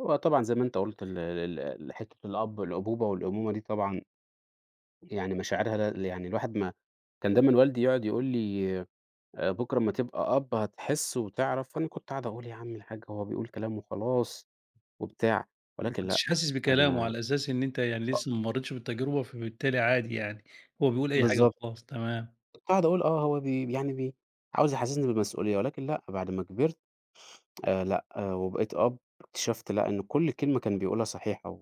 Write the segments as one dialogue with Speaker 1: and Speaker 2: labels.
Speaker 1: هو طبعًا زي ما أنت قُلت ال ال ال ال حتة الأب الأبوبة والأمومة دي طبعًا، يعني مشاعرها لل يعني الواحد ما كان دايمًا والدي يقعد يقول لي آآ، "بكرة أمّا تبقى أب، هتحس وتعرف." وأنا كنت أقعد أقول: "يا عم الحاج" هو بيقول كلام وخلاص وبتاع،
Speaker 2: ما
Speaker 1: ولكن لأ
Speaker 2: كنتش حاسس بكلامُه
Speaker 1: أنا
Speaker 2: على أساس إن أنت يعني لسه ما مريتش بالتجربة، فبالتالي عادي يعني، هو بيقول أي حاجة
Speaker 1: بالضبط.
Speaker 2: وخلاص، تمام.
Speaker 1: كنت أقعد أقول آه، هو بي يعني بي عاوز يحسّسني بالمسؤولية، ولكن لأ، بعد ما كبرت
Speaker 2: [unintelligible]
Speaker 1: آآ، لأ وبقيت أب، اكتشفت لأ إن كُلّ كلمة كان بيقولها صحيحة و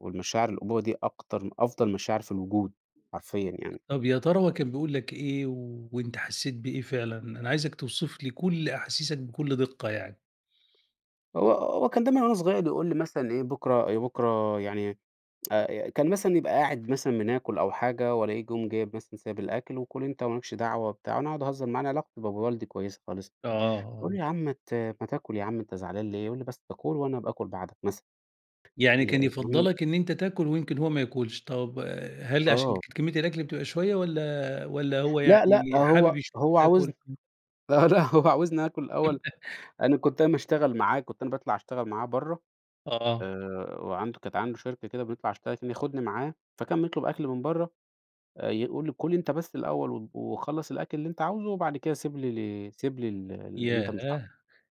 Speaker 1: والمشاعر الأبوة دي أكتر أفضل مشاعر في الوجود، حرفيًا يعني.
Speaker 2: طَب يا ترى كان بيقول لك إيه وأنت حسيت بإيه فعلًا؟ أنا عايزك توصف لي كُلّ أحاسيسك بكُلّ دقة يعني.
Speaker 1: هو هو كان دايمًا وأنا صغير يقول لي مثلًا إيه "بكرة آآ، بكرة" يعني آآ، كان مثلًا يبقى قاعد مثلًا بناكل أو حاجة وألاقيه جم جايب مثلًا سايب الأكل، "وكُل أنت وما لكش دعوة وبتاع." وأنا أقعد أهزر معاه أنا علاقتي بابو والدي كويسة خالص،
Speaker 2: آه، آه.
Speaker 1: باقوله له: "يا عم مات ما تاكل يا عم أنت زعلان ليه؟" يقول لي: "بس كُل وأنا أبقى آكُل بعدك." مثلًا،
Speaker 2: يعني
Speaker 1: ي
Speaker 2: كان
Speaker 1: ي
Speaker 2: يفضّلك إن أنت تاكل ويمكن هو ما ياكلش، طَب آآ، هل عشان
Speaker 1: آه.
Speaker 2: كانت كمية الأكل بتبقى شوية والَّا والَّا هو
Speaker 1: لأ، لأ
Speaker 2: يعني حابب
Speaker 1: هو
Speaker 2: يشوفك
Speaker 1: هو عاوزن
Speaker 2: تاكل؟ امم.
Speaker 1: لأ، لأ هو عاوزني آكل الأول، أنا كنت أنا باشتغل معاه، كنت أنا باطلع أشتغل معاه برّه،
Speaker 2: آه.
Speaker 1: آآ، وعنده كانت عنده شركة كده بيطلع يشتغل كان ياخدني معاه، فكان بيطلب أكل من برّه، آآ، يقول لي: "كُل أنت بس الأول و وخلّص الأكل اللي أنت عاوزُه، وبعد كده سيب لي ال سيب لي ال ال اللي أنت مش عاوزُه."
Speaker 2: ياه!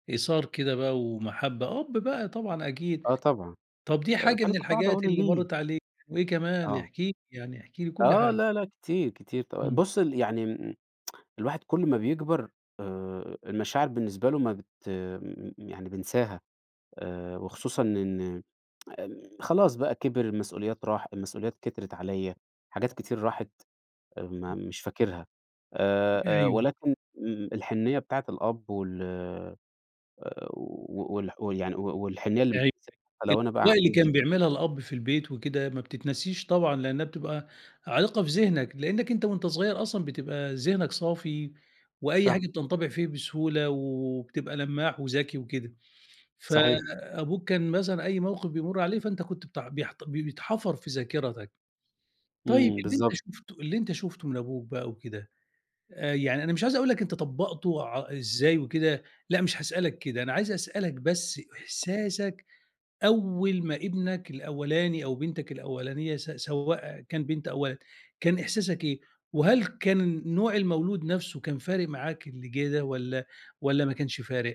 Speaker 2: إيثار كده بقى ومحبة، أب بقى طبعًا أكيد،
Speaker 1: آه طبعًا،
Speaker 2: طَب دي حاجة
Speaker 1: فأنا
Speaker 2: من
Speaker 1: كنت أقعد أقول
Speaker 2: الحاجات
Speaker 1: له:
Speaker 2: اللي
Speaker 1: "ليه؟!"
Speaker 2: مرّت عليك، وإيه كمان
Speaker 1: آه.
Speaker 2: احكِ لي يعني، احكِ لي كُلّ
Speaker 1: آه،
Speaker 2: حاجة.
Speaker 1: لا، لا، كتير، كتير ط
Speaker 2: إمم.
Speaker 1: بُصّ ال يعني الواحد كل ما بيكبر آآ، المشاعر بالنسبة له ما بت م يعني بينساها، آآ، وخصوصًا إن خلاص بقى كِبِر المسؤوليات راح المسؤوليات كترت عليَّ، حاجات
Speaker 2: آه.
Speaker 1: كتير راحت، آآ، ما
Speaker 2: [unintelligible]
Speaker 1: مش فاكرها آآ، آآ،
Speaker 2: أيوه.
Speaker 1: ولكن مم الحنية بتاعت الأب وال آآ، و والح ويعني و والحنية اللي مش
Speaker 2: أيوه،
Speaker 1: هانساها حتى لو أنا بقى
Speaker 2: الأجواء اللي كان
Speaker 1: عندي
Speaker 2: بيعملها الأب في البيت وكده، ما بتتنسيش طبعًا لأنها بتبقى عالقة في ذهنك لأنك أنت وأنت صغير أصلًا بتبقى ذهنك صافي وأي
Speaker 1: صح.
Speaker 2: حاجة بتنطبع فيه بسهولة وبتبقى لمّاح وذكي وكده،
Speaker 1: صحيح.
Speaker 2: فأبوك كان مثلًا أي موقف بيمرّ عليه فأنت كنت بت بيحت بي بيتحفر في ذاكرتك، طيب
Speaker 1: إمم،
Speaker 2: اللي أنت
Speaker 1: بالضبط.
Speaker 2: شُفته اللي أنت شُفته من أبوك بقى وكده، آآ، يعني أنا مش عايز أقول لك أنت طبّقته ع إزاي وكده، لأ مش هاسألك كده، أنا عايز أسألك بس إحساسك أول ما ابنك الأولاني أو بنتك الأولانية س سواء كان بنت أو ولد، كان إحساسك إيه؟ وهل كان نوع المولود نفسُه كان فارق معاك، اللي جه ده والَّا والَّا ما كانش فارق؟